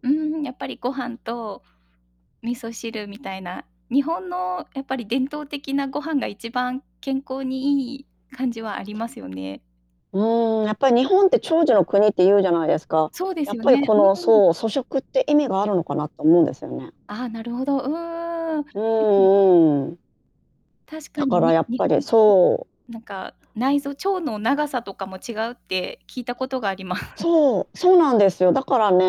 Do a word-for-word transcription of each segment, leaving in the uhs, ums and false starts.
うーん、やっぱりご飯と味噌汁みたいな。日本のやっぱり伝統的なご飯が一番健康にいい感じはありますよね。うーん、やっぱり日本って長寿の国っていうじゃないですか。そうでやすっよぱりね。こうの、ん。そう、粗食って意味があるのかなって思うんですよね。ああ、なるほど。うーん。でうんうすね。んうんうん。確かだに、からにやっ日ぱり本人の。そう。なんか内臓腸の長さとかも違うって聞いたことがあります。そう、そうなんですよ。だからね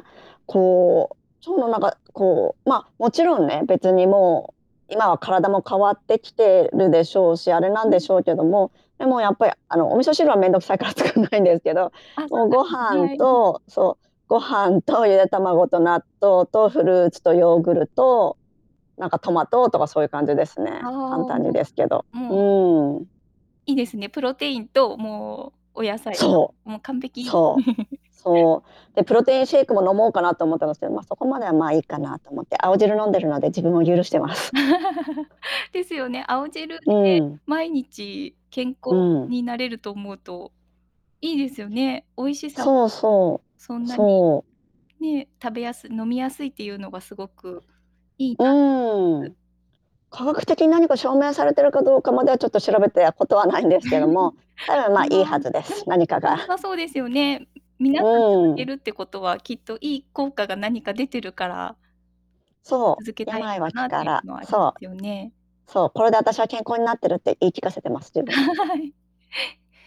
え、こう、腸のなんかこう、ま、もちろんね、別にもう今は体も変わってきてるでしょうしあれなうんでしん。ょうけども、でもやっぱりあの、お味噌汁は面倒くさいから作んないんですけど、あ、そもうごうですね、飯はい。とそうご飯とゆで卵と納豆とフルーツとヨーグルト、なんかトマトとかそういう感じですね、ああ、簡も単にですけど、う、もう。うん。いいですね。プロテインともうお野菜そう。と。もう完璧。そう。そう。で、プロテインシェイクも飲もうかなと思ったんですけど、ま、そこまではまあ、いいかなと思って、青汁飲んでるので自分を許してます。ですよね。青汁でうん。毎日健う康ん。になれると思うといいですよね。美味しさもそうそそう、んなに、そう。ね。食べやすい飲みやすいっていうのがすごくいいうな思います。ーん。科学的に何か証明されているかどうかまではちょっと調べてらことはないんですけども、多分 ま、まいいあ、はずででもす、結何か局良が。さそうですよね。皆さうん続けん。るってことは、きっといい効果が何か出てるからそ続けう、たいの病かは気なっかていうら。のはありまそすよう。ね。そう、これで私は健康になってるって言い聞かせてます、自分に。はい。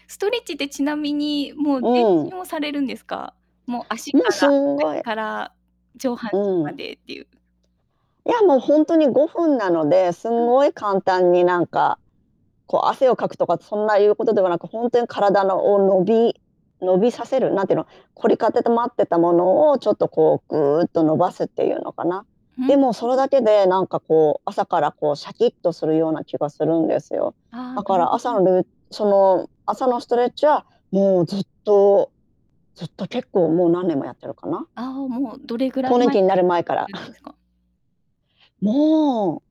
ストレッチってちなみにもう全うん。身をされるんですか？もう足もかうすら足んご先い。から上半身うまん。でっていう。いや、もうほんとにごふんなので、すうんん。ごい簡単になんかこう汗をかくとかそんないうことではなく、ほんとに体のを伸び伸びさせる、何ての、凝り固てまってたものをちょっとこうぐうっと伸ばすっていうのかな。ん？でもそれだけ [unintelligible] で、なんかこう朝からこうシャキッとするような気がするんですよ。ああ、だなかるらほ朝ど。のルーその朝のストレッチはもうずっと、ずっと結構もう何年もやってるかな。ああ、もうどれぐらい更年前期かにらなるさ前かれら。てるんで すか？も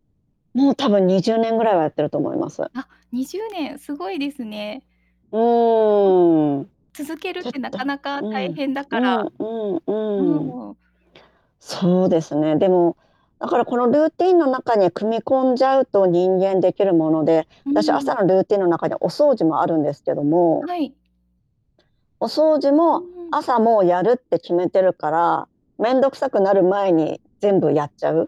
うもう多分にじゅうねんぐらいはやってると思います。あ、にじゅうねん、すごいですね。うーん。うん。続けるってなか [unintelligible] うなか大ん。変だうから。んうんうん。うーん。そうですね、でも、だからこのルーティンの中に組み込んじゃうと人間できるもので、うー私ん。朝のルーティンの中でお掃除もあるんですけどもはい。お掃除うも、ん。朝もうやるって決めてるから、面倒くさくなる前に全部やっちゃう。